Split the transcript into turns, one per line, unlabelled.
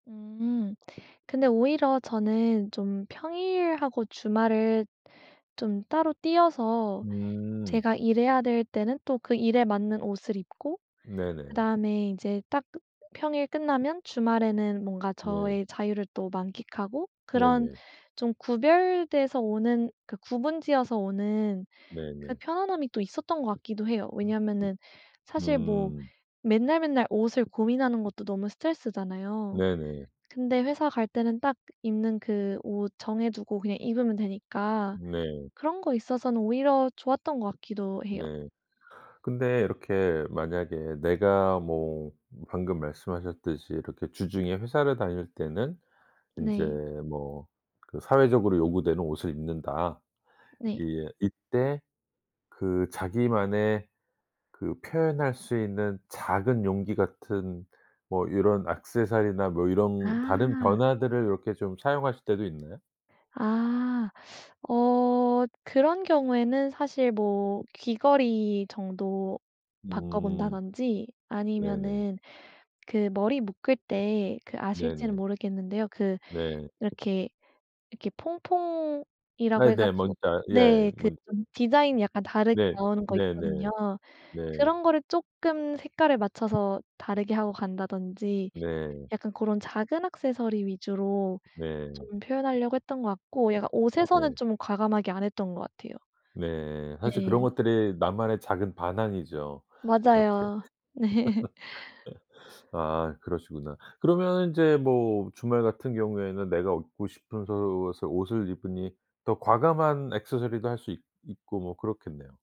음 근데 오히려 저는 좀 평일하고 주말을 좀 따로 떼어서
음.
제가 일해야 될 때는 또 그 일에 맞는 옷을 입고
네네.
그다음에 이제 딱 평일 끝나면 주말에는 뭔가
네.
저의 자유를 또 만끽하고 그런
네네.
좀 구별돼서 오는 그 구분 지어서 오는 그
네네.
편안함이 또 있었던 것 같기도 해요. 왜냐하면은 사실 뭐
음.
맨날 맨날 옷을 고민하는 것도 너무 스트레스잖아요.
네네.
근데 회사 갈 때는 딱 입는 그 옷 정해두고 그냥 입으면 되니까
네.
그런 거에 있어서는 오히려 좋았던 것 같기도 해요.
네. 근데 이렇게 만약에 내가 뭐 방금 말씀하셨듯이 이렇게 주중에 회사를 다닐 때는 인제
네.
뭐 그 사회적으로 요구되는 옷을 입는다.
네.
이 이때 그 자기만의 그 표현할 수 있는 작은 용기 같은 뭐 요런 액세서리나 뭐 이런 다른
아.
변화들을 요렇게 좀 사용하실 때도 있나요?
아. 어 그런 경우에는 사실 뭐 귀걸이 정도
음.
바꿔본다든지
네네.
아니면은 그 머리 묶을 때 그 아실지는
네네.
모르겠는데요. 그
네.
이렇게, 이렇게 퐁퐁이라고
네네. 뭔지
해가지고
알 예.
네. 그
뭔지
좀 디자인이 약간 다르게
네.
나오는 거
네네.
있거든요.
네.
그런 거를 쪼끔 색깔을 맞춰서 다르게 하고 간다든지
네.
약간 고런 작은 액세서리 위주로
네.
좀 표현하려고 했던 것 같고 약간 옷에서는
네.
좀 과감하게 안 했던 것 같아요.
네. 사실 그런
네.
것들이 나만의 작은 반항이죠. 이렇게.
맞아요. 네.
아 그러시구나. 그러면 이제 뭐 주말 같은 경우에는 내가 얻고 싶은 옷을 옷을 입으니 더 과감한 액세서리도 할 수 있 있고 뭐 그렇겠네요.